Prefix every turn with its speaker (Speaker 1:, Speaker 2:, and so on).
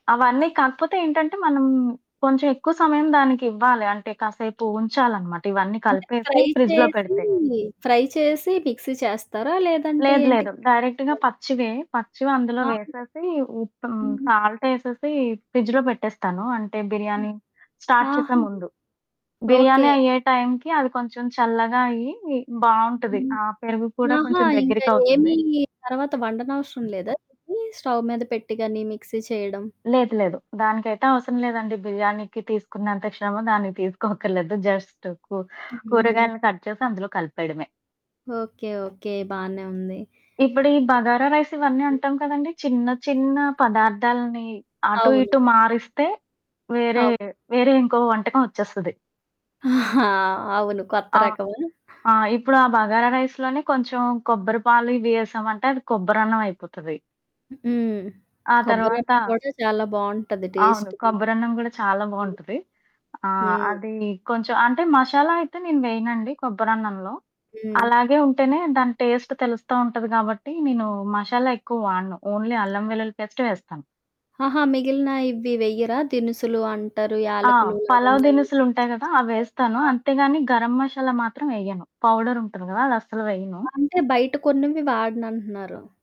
Speaker 1: అవన్నీ. కాకపోతే ఏంటంటే, మనం కొంచెం ఎక్కువ సమయం దానికివ్వాలి. అంటే కాసేపు ఉంచాలనమాట, ఇవన్నీ
Speaker 2: అంటే,
Speaker 1: కలిపేసి
Speaker 2: ఫ్రై
Speaker 1: ఫ్రిడ్జ్‌లో
Speaker 2: చేసి,
Speaker 1: పెడితే.
Speaker 2: ఫ్రై చేసి మిక్సీ చేస్తారా? లేదంటే
Speaker 1: లేదు,
Speaker 2: ఏంటి?
Speaker 1: లేదు. డైరెక్ట్‌గా పచ్చివే. పచ్చివందులో
Speaker 2: ఆ!
Speaker 1: వేసేసి, ఉప్ హ్మ్,
Speaker 2: హ్మ్.
Speaker 1: సాల్ట్ ఏసేసి ఫ్రిడ్జ్‌లో పెట్టేస్తాను. అంటే, బిర్యానీ స్టార్ట్ చేసే
Speaker 2: ఆహా!
Speaker 1: ముందు.
Speaker 2: ఓకే.
Speaker 1: బిర్యానీ అయ్యే టైంకి, అవి కొంచెం చల్లగా అయ్యి బావుంటది.
Speaker 2: హ్మ్.
Speaker 1: ఆహ్, పెరుగు కూడా
Speaker 2: ఆహా!
Speaker 1: కొంచెం
Speaker 2: ఇంకా
Speaker 1: దగ్గరికవుతుంది.
Speaker 2: ఏమీ తర్వాత వండనవసరం లేదా? ఇది స్టవ్ మీద పెట్టిగాని? మిక్సీ చేయడం?
Speaker 1: లేదు, లేదు. దానికైతే అవసరం లేదండి. బిర్యానీకి తీసుకున్నంత శ్రమ దానికి తీసుకోక్కర్లేదు. జస్ట్ కూ
Speaker 2: హుహు.
Speaker 1: కూరగాయలను కట్ చేసి, అందులో కలిపేయడమే.
Speaker 2: ఓకే. ఓకే. బానే ఉంది.
Speaker 1: ఇప్పుడు ఈ బగారా రైస్ ఇవన్నీ
Speaker 2: హ్మ్.
Speaker 1: అంటాం కదండీ! చిన్న, చిన్న పదార్థాల్ని అటు
Speaker 2: అవును.
Speaker 1: ఇటు మారిస్తే, వేరే,
Speaker 2: అవును.
Speaker 1: వేరే ఇంకో వంటకం ఒచ్చేస్తది.
Speaker 2: ఆ! అవును. కొత్త
Speaker 1: అవును.
Speaker 2: రకమా?
Speaker 1: ఆ! ఇప్పుడు ఆ బగారా రైస్ లోనే కొంచెం కొబ్బరిపాలు ఇవి ఏసామంటే, అది కొబ్బరన్నమయిపోతది.
Speaker 2: హ్మ్.
Speaker 1: ఆ
Speaker 2: కొబ్బరి
Speaker 1: తర్వాత
Speaker 2: అన్నం గూడా చాలా బావుంటది
Speaker 1: అవును.
Speaker 2: టేస్ట్‌గా.
Speaker 1: కొబ్బరన్నం గూడా చాలా
Speaker 2: హ్మ్.
Speaker 1: బావుంటది. ఆహ్,
Speaker 2: హ్మ్.
Speaker 1: అది కొంచెం అంటే, మషాలా అయితే నేను వేయనండి కొబ్బరన్నంలో.
Speaker 2: హ్మ్.
Speaker 1: అలాగే ఉంటేనే దాని టేస్ట్ తెలుస్తు ఉంటది గాబట్టి, నేను మషాలా ఎక్కువ వాడను. ఓన్లీ అల్లం వెల్లుల్లి పేస్టే వేస్తాను.
Speaker 2: ఆహా! మిగిలిన ఇవ్వి వెయ్యరా? దినుసులు అంటారు,
Speaker 1: ఆ!
Speaker 2: యాలకులు,
Speaker 1: పలావు
Speaker 2: లవంగాలు,
Speaker 1: దినుసులుంటాయి
Speaker 2: దాల్చిన
Speaker 1: గదా!
Speaker 2: చెక్క?
Speaker 1: అవేస్తాను.
Speaker 2: ఆ!
Speaker 1: అంతేగాని, గరం మషాలా మాత్రం ఎయ్యను. పౌడరుంటుంది గదా! అదస్సలు వేయను.
Speaker 2: ఆ అంటే, బయట కొన్నవి వాడనంటున్నారు.